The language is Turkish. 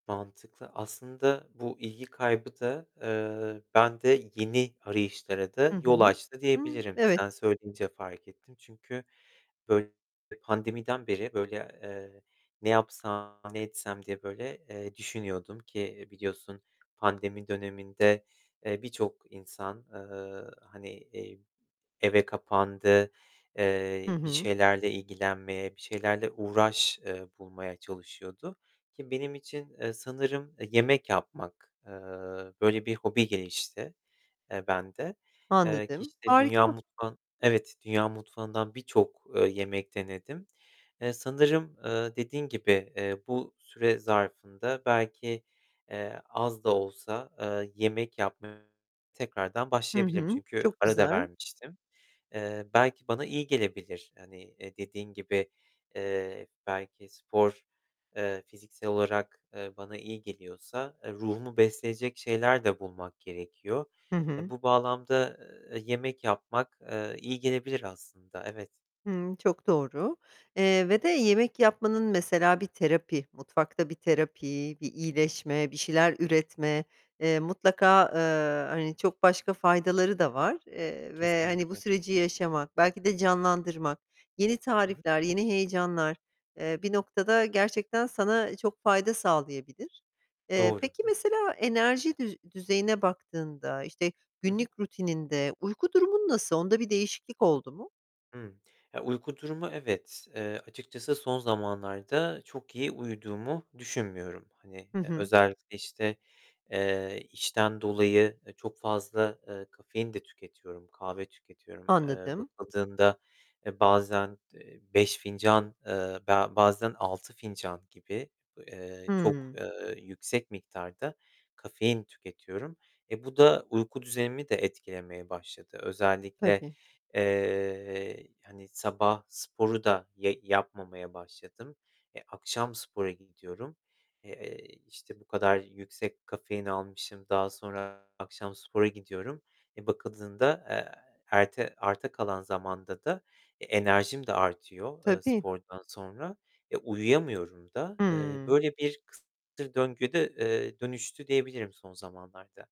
Mantıklı. Aslında bu ilgi kaybı da, eee, bende yeni arayışlara da Hı hı, yol açtı hı, diyebilirim. Sen evet. söyleyince fark ettim, çünkü, böyle, pandemiden beri, böyle, eee, ne yapsam, ne etsem diye böyle, eee, düşünüyordum ki biliyorsun pandemi döneminde, eee, birçok insan, eee, hani, eee, eve kapandı. Hı Eee, bir hı. şeylerle ilgilenmeye, bir şeylerle uğraş, eee, bulmaya çalışıyordu, ki benim için, eee, sanırım, eee, yemek yapmak, eee, böyle bir hobi gelişti, eee, bende. Eee, ki Anladım. işte dünya Harika. mutfağın evet, dünya mutfağından birçok, eee, yemek denedim. Eee, sanırım, eee, dediğin gibi, eee, bu süre zarfında belki, eee, az da olsa, eee, yemek yapmaya tekrardan Hı başlayabilirim, hı. çünkü Çok ara da güzel. vermiştim. Eee, belki bana iyi gelebilir. Hani, eee, dediğin gibi, eee, belki spor, eee, fiziksel olarak, eee, bana iyi geliyorsa, eee, ruhumu besleyecek şeyler de bulmak gerekiyor. Hı Eee, hı. bu bağlamda, eee, yemek yapmak, eee, iyi gelebilir aslında, evet. Hımm, çok doğru. Eee, ve de yemek yapmanın mesela bir terapi, mutfakta bir terapi, bir iyileşme, bir şeyler üretme, eee, mutlaka, eee, hani çok başka faydaları da var. Eee, ve hani, bu Kesinlikle. süreci yaşamak, belki de canlandırmak, yeni Hı hı. tarifler, yeni heyecanlar, eee, bir noktada gerçekten sana çok fayda sağlayabilir. Eee, Doğru, peki Hı mesela enerji düz düzeyine baktığında, işte Hı hı. günlük rutininde uyku durumun nasıl? Onda bir değişiklik oldu mu? Hı. Ya, uyku durumu evet, eee, açıkçası son zamanlarda çok iyi uyuduğumu düşünmüyorum. Hani, Hı eee, hı. özellikle, işte, eee, işten dolayı, eee, çok fazla, eee, kafein de tüketiyorum, kahve tüketiyorum. Eee, Anladım. bakıldığında e, bazen, eee, 5 fincan, eee, be bazen 6 fincan gibi, eee, çok, Hı. eee, yüksek miktarda kafein tüketiyorum. E, bu da uyku düzenimi de etkilemeye başladı. Özellikle, Tabii. eee, hani sabah sporu da ye yapmamaya başladım. E, akşam spora gidiyorum. Eee, işte bu kadar yüksek kafein almışım. Daha sonra akşam spora gidiyorum. E, bakıldığında, eee, erte arta kalan zamanda da e, enerjim de artıyor, eee, Tabii. spordan sonra, e, uyuyamıyorum da. Eee, Hımm. böyle bir kısır döngü, eee, dönüştü diyebilirim son zamanlarda.